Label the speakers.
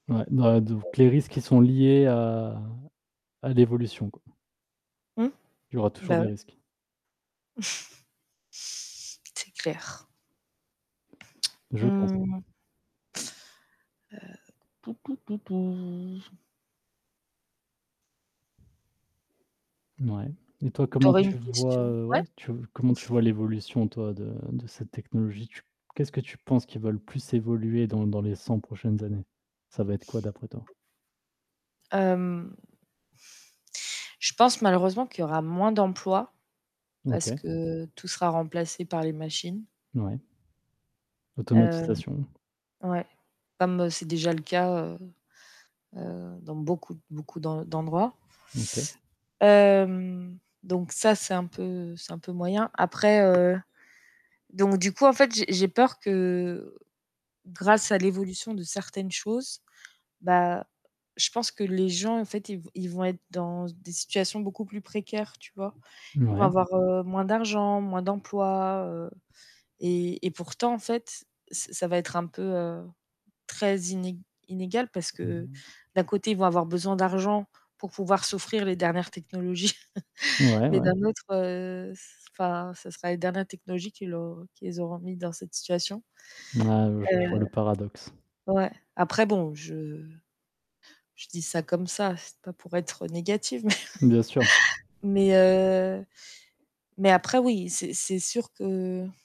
Speaker 1: Ouais bah de ou que les risques qui sont liés à à l'évolution, quoi.
Speaker 2: Mmh,
Speaker 1: Il y aura toujours
Speaker 2: bah
Speaker 1: des
Speaker 2: ouais.
Speaker 1: risques.
Speaker 2: C'est clair.
Speaker 1: Je pense.
Speaker 2: Mmh. Heu,
Speaker 1: Mouais, et toi
Speaker 2: Tu
Speaker 1: comment
Speaker 2: aurais une
Speaker 1: tu vois,
Speaker 2: question
Speaker 1: heu, ouais
Speaker 2: ouais?
Speaker 1: tu comment tu vois l'évolution toi de de cette technologie? Tu qu'est-ce que tu penses qui va le plus évoluer dans l dans les 100 prochaines années? Ça va être quoi d'après toi?
Speaker 2: Hem je pense malheureusement qu'il y aura moins d'emplois, parce
Speaker 1: OK.
Speaker 2: que tout sera remplacé par les machines.
Speaker 1: Ouais.
Speaker 2: Hem
Speaker 1: Automatisation.
Speaker 2: ouais, comme, heu, c'est déjà le cas, heu heu, dans beaucoup beaucoup d'en d'endroits.
Speaker 1: OK.
Speaker 2: Hem, donc ça, c'est un peu c'est un peu moyen. Après, heu, donc du coup en fait, j'ai j'ai peur que grâce à l'évolution de certaines choses, bah je pense que les gens en fait, ils v ils vont être dans s des situations beaucoup plus précaires, tu vois? Ils vont
Speaker 1: Ouais.
Speaker 2: avoir, heu, moins d'argent, moins d'emploi, heu et et pourtant en fait, c ça va être un peu, heu, très iné inégal parce
Speaker 1: Mmh
Speaker 2: que
Speaker 1: mh.
Speaker 2: d'un côté ils vont avoir besoin d'argent pour pouvoir s'offrir les dernières technologies,
Speaker 1: Ouais,
Speaker 2: mais
Speaker 1: ouais.
Speaker 2: d'un autre, heu, s enfin, ce sera les dernières technologies qui l'au qui les auront mis dans cette situation.
Speaker 1: Ah ouais j je vois
Speaker 2: Heu
Speaker 1: le paradoxe.
Speaker 2: ouais. Après bon, je je dis ça comme ça, c'est pas pour être négatif, mais
Speaker 1: Bien sûr.
Speaker 2: mais heu, mais après oui, c'est c'est sûr que